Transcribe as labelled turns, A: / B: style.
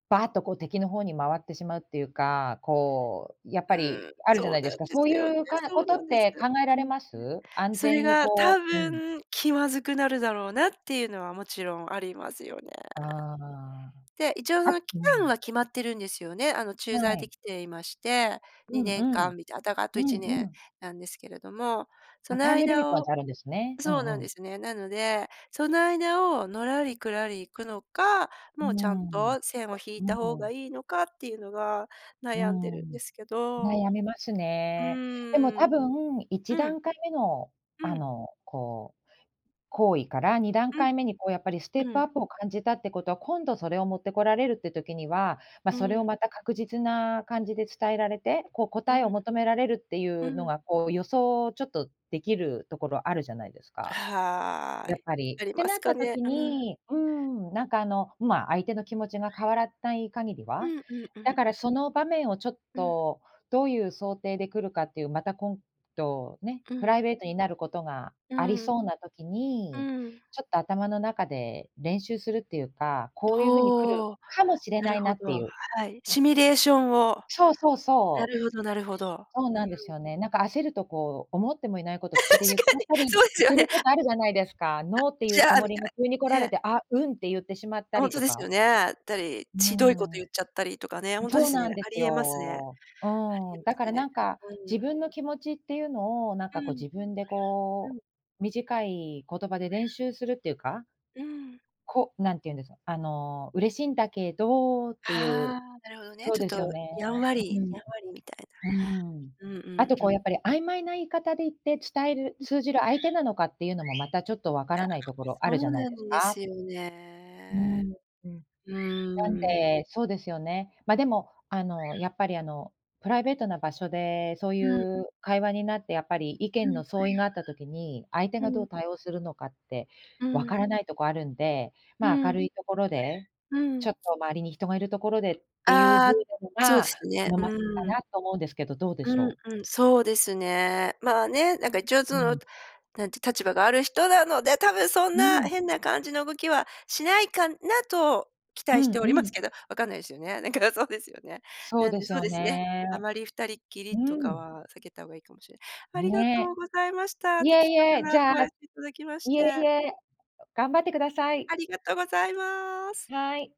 A: ばっとこう敵の方に回ってしまうっていうか、こうやっぱ
B: う
A: り
B: ん、
A: あるじゃ
B: そ
A: な
B: う
A: い
B: な
A: で
B: ん
A: すか、
B: で
A: そう
B: すよね、
A: いう、かこ
B: そう
A: と
B: な
A: っ
B: んです。
A: て考えら
B: う
A: れ
B: ん。
A: ます？安
B: それ
A: 全に
B: が多
A: こううん。
B: 分気まずくなるだろうなっていうのは、もちろんありますよね。
A: ああ。
B: で、一応
A: あ、
B: その期
A: う
B: 間は
A: ん。
B: 決まってるんですよね。あの、駐
A: は
B: 在で
A: い。
B: 来ていまして、に
A: うん
B: ねん
A: う
B: か
A: ん。
B: んみたい、あ、だかあとい
A: う
B: ちね
A: んう
B: ん
A: ん。
B: なんですけれども。そ
A: あ、
B: の
A: タイムリミット
B: 間
A: なん
B: を
A: てあるんですね、う
B: そうなん
A: んう
B: で
A: ん。
B: すね。なので、その間をのらりくらり行くのか、
A: うー
B: もうちゃん
A: ん。
B: と線を引
A: う
B: いた方
A: ー
B: が
A: ん。
B: いいのかっていうのが、
A: うー
B: 悩んでるんで
A: ん、
B: すけど。う
A: 悩みますね。でも
B: ーん。
A: 多分、いち
B: う
A: だ
B: ん。
A: んかいめの
B: う
A: あ
B: ん。
A: の、こう、行為から2段階目
B: う
A: にこうやっぱりステッ
B: ん。う
A: プア
B: ん。
A: ップを感じたってことは、今度それを持ってこられるって時には、ま、
B: う
A: それを
B: ん。
A: また確実な感じで伝えられて、こう
B: う
A: 答えを
B: ん。
A: 求められるってい
B: う
A: うの
B: ん。
A: が、こう、予想ちょっとできるところあるじゃないです
B: あ、
A: か。
B: は
A: やっ
B: い。
A: ぱり
B: あり
A: って
B: ま
A: な
B: す
A: っ
B: か
A: た
B: ね。
A: 時
B: うん。
A: にうん、なんかあの、ま、相手の気持ちが変わらたい限り
B: う
A: は、
B: んうんうん
A: だか
B: う
A: ら
B: ん。
A: その場面をちょっ
B: うん。
A: とどういう想定で来るかっていう、また今度ね、
B: う
A: プ
B: ん。
A: ライベートになることが
B: う
A: あり
B: ん。
A: そうな時
B: う
A: に、
B: ん。
A: ちょっと頭の中で練習するっていうか、
B: う
A: こういう風に来る
B: おお。
A: かもしれ
B: な
A: な
B: る
A: いな
B: ほ
A: って
B: ど。
A: いう。
B: はい。シミュレーションを。
A: そうそう
B: な
A: そう。
B: るほどなるほど。
A: そう
B: う
A: なんです
B: ん。
A: よね、なんか焦るとこう、思ってもいないこと口 で
B: し
A: 言っち
B: か
A: ゃっ
B: に。
A: たり
B: そうすよ
A: す
B: ね。
A: ることあるじゃないですか
B: あ、
A: 「ノー」ってい
B: じ
A: うつ
B: ゃあ、
A: も
B: み
A: り
B: た
A: が急に来ら
B: い、
A: れ
B: ね。
A: て「あ、うん」って言ってしまっ
B: あ、
A: た
B: ほん
A: り
B: と
A: と
B: です
A: か。
B: よね。たり、
A: う
B: ちどいこと言っち
A: ー
B: ゃったりとかね。
A: ん。
B: ほんとで
A: そう
B: すね、
A: なんで
B: あ
A: す
B: り得ますね。あ
A: よ。う
B: り
A: ー
B: 得
A: ん、
B: ま
A: だか
B: す
A: ら
B: ね。
A: なんか、
B: う
A: 自
B: ん。
A: 分の気持ちっていうのをなん
B: う
A: かこう
B: ん。
A: 自分で
B: う
A: こ
B: ん。
A: う、短い言葉で練習するっていうか
B: うん。
A: こなんていうんです、あ、あの、嬉しいんだけどっていう。
B: ああ、なるほどね。
A: そう
B: ちょっ
A: ですよ
B: と
A: ね。
B: やんわ
A: はう
B: り
A: ん
B: やんわりみたい
A: うん。うん。
B: な。うんう
A: あ
B: ん
A: とこ
B: う
A: う
B: ん。
A: やっぱり曖昧な言い方で言って伝える、
B: うん。
A: 通じる相手なのかっていうのもまたちょっとわか
B: や、
A: ら
B: え、
A: ないところあ
B: そ
A: るじゃ
B: う
A: ない
B: な
A: です
B: んで
A: か。
B: すよ
A: うー
B: ね。
A: ん、うん。
B: う
A: なん
B: ーん。
A: で、そうですよね。ま、でもあの、やっぱりあの、プライベートな場所でそうい
B: うん。
A: う会話になってやっぱり意
B: う
A: 見
B: ん。
A: の相違があった時に、相手
B: う
A: がどう
B: ん。
A: 対応するのかって
B: う
A: わか
B: ん。
A: らないとこあるんで、
B: う
A: ま、明
B: ん。
A: るいところで、
B: う
A: ちょ
B: ん。
A: っと周りに人がいるところでっていうふう
B: あ
A: なの
B: あ、そうで
A: が
B: すね。
A: 好ましいか
B: う
A: な
B: ん。
A: と思うんですけど、どうで
B: う
A: しょう？
B: ん、うん、そうですね。まあね、なんか一応そ
A: う
B: の、
A: ん。
B: なんていう、立場がある人なので、多分そん
A: う
B: な
A: ん。
B: 変な感じの動きはしないかなと期
A: う
B: 待し
A: ん、
B: てお
A: う
B: ります
A: ん。
B: けど、分かんないすよね。なんかそうですよね。
A: そう
B: なん
A: で
B: で、
A: す
B: そう
A: よ
B: ですね。あ
A: ね。
B: まり二人っき
A: う
B: りとか
A: ん。
B: は避けた方がいいかもしれありがと
A: ね。
B: うございました。
A: いえ
B: 的
A: い
B: 確
A: え、
B: な
A: じ
B: ア
A: ゃ
B: ドバイス頂きまし
A: いえ
B: て。
A: いえ、う頑張ってください。
B: ありがとうございます。
A: はい。